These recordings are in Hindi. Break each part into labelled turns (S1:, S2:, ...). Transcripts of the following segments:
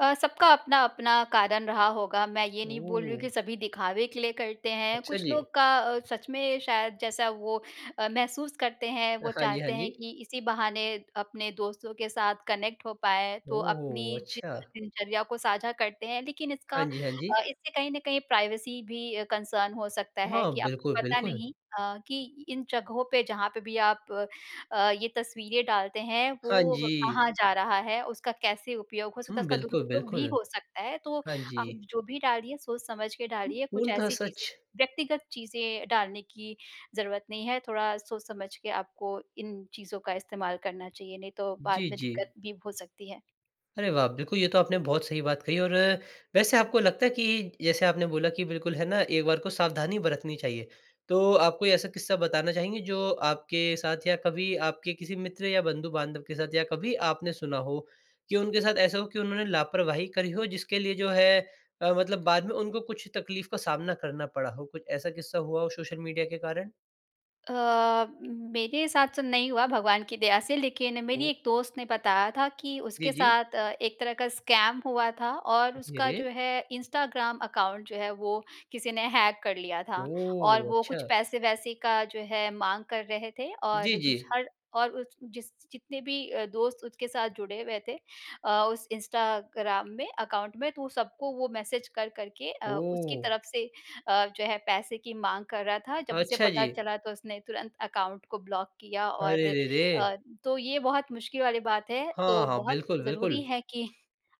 S1: अ, सबका अपना-अपना कारण रहा होगा, मैं ये नहीं बोल रही हूँ
S2: ओह!
S1: कि सभी दिखावे के लिए करते हैं।
S2: अच्छा
S1: कुछ
S2: जी।
S1: लोग का अ, सच में शायद जैसा वो अ, महसूस करते हैं, वो
S2: हाँ जी, हाँ
S1: चाहते हैं
S2: जी।
S1: कि इसी बहाने अपने दोस्तों के साथ कनेक्ट हो पाएँ, तो
S2: ओह!
S1: अपनी जि
S2: अच्छा।
S1: दिनचर्या को साझा करते हैं। लेकिन इसका
S2: हाँ जी, हाँ जी।
S1: अ, इससे कहीं न कहीं प्राइवेसी भी अ, कंसर्न हो सकता है
S2: हाँ,
S1: कि आपको
S2: बिल्कुल,
S1: पता
S2: बिल्कुल।
S1: नहीं अ, कि इन जगहों पे जहाँ पे भी आप अ, ये तस्वीरें डालते हैं,
S2: हाँ
S1: वो
S2: जी।
S1: कहाँ जा रहा है, उसका कैसे उपयोग हो सकता है
S2: हुँ,
S1: उसका
S2: बिल्कुल,
S1: दुरुपयोग भी
S2: बिल्कुल।
S1: हो सकता है, तो
S2: हाँ जी।
S1: आप जो भी डालिए सोच-समझ के
S2: उ,
S1: डालिए। कुछ
S2: पूर्णतः
S1: ऐसी चीज़ें
S2: सच।
S1: व्यक्तिगत चीज़ें डालने की ज़रूरत नहीं है, थोड़ा सोच-समझ के आपको इन चीज़ों का इस्तेमाल करना चाहिए, नहीं तो बाद
S2: जी,
S1: में दिक़्क़त
S2: जी।
S1: भी हो सकती है।
S2: अरे वाह! बिल्कुल ये तो आपने बहुत सही बात कही और अ, वैसे आपको लगता है कि, जैसे आपने बोला कि बिल्कुल है ना एक बार को सावधानी बरतनी चाहिए। तो, आप कोई ऐसा किस्सा बताना चाहेंगे जो आपके साथ या कभी आपके किसी मित्र या बंधु-बांधव के साथ या कभी आपने सुना हो? कि उनके साथ ऐसा हो कि उन्होंने लापरवाही करी हो, जिसके लिए जो है अ, मतलब बाद में उनको कुछ तक़लीफ़ का सामना करना पड़ा हो? कुछ ऐसा किस्सा हुआ हो सोशल मीडिया के कारण?
S1: अ, मेरे साथ तो नहीं हुआ भगवान की दया से लेकिन मेरी
S2: ओह!
S1: एक दोस्त ने बताया था कि
S2: जी,
S1: उसके
S2: जी।
S1: साथ अ, एक तरह का स्कैम हुआ था और
S2: अ,
S1: उसका
S2: धीरे।
S1: जो है इंस्टाग्राम अकाउंट जो है वो किसी ने हैक कर लिया था। और
S2: ओह!
S1: वो कुछ
S2: अच्छा।
S1: पैसे-वैसे का जो है माँग कर रहे थे
S2: जी,
S1: और दूस
S2: जी।
S1: हर और उस जिस जितने भी अ, दोस्त उसके साथ जुड़े हुए थे अ, उस इंस्टाग्राम में अकाउंट में तो सबको वो मैसेज कर-कर के अ, उसकी
S2: ओह!
S1: तरफ़ से अ, जो है पैसे की माँग कर रहा था। जब उसे
S2: अच्छा
S1: पता
S2: जी।
S1: चला तो उसने तुरंत अकाउंट को ब्लॉक किया और
S2: अरे रे
S1: अ,
S2: रे!
S1: तो ये बहुत मुश्किल वाली बात है। तो
S2: हाँ, हाँ,
S1: बहुत
S2: बिल्कुल, बिल्कुल।
S1: ज़रूरी है कि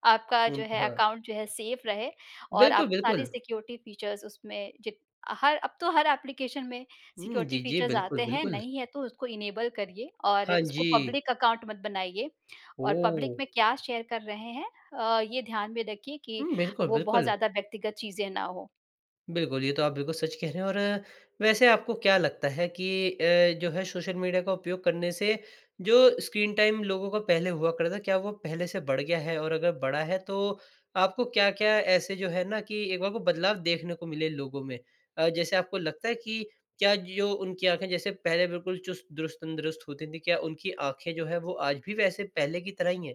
S1: आपका जो है
S2: पूर्णतः।
S1: अकाउंट जो है सेफ रहे और
S2: बिल्कुल,
S1: आप सारे
S2: बिल्कुल।
S1: सिक्योरिटी फीचर्स उसमें जिब हर अब तो हर एप्लीकेशन में
S2: उम,
S1: सिक्योरिटी
S2: जी, जी,
S1: फीचर्स
S2: बिल्कुल,
S1: आते हैं,
S2: बिल्कुल।
S1: नहीं हैं तो उसको इनेबल करिए और
S2: हाँ
S1: उसको
S2: जी।
S1: पब्लिक अकाउंट मत बनाइए। और पब्लिक
S2: ओह!
S1: में क्या शेयर कर रहे हैं अ, ये ध्यान में रखिए कि
S2: हुँ, बिल्कुल,
S1: वो बहुत
S2: बिल्कुल।
S1: ज़्यादा व्यक्तिगत चीज़ें ना हो।
S2: बिल्कुल, ये तो आप बिल्कुल सच कह रहे हैं। और वैसे आपको क्या लगता है कि अ, जो है सोशल मीडिया का उपयोग करने से जो स्क्रीन टाइम लोगों का पहले हुआ था, क्या वो पहले से बढ़ गया है? और अगर बढ़ा है तो आपको क्या-क्या ऐसे जो है ना कि एक बार वो बदलाव देखने को मिले लोगों में? अ, जैसे आपको लगता है कि क्या जो उनकी आँखें जैसे पहले बिल्कुल चुस्त, दुरुस्त, तंदुरुस्त होती थीं, क्या उनकी आँखें जो है वो आज भी वैसे पहले की तरह ही हैं?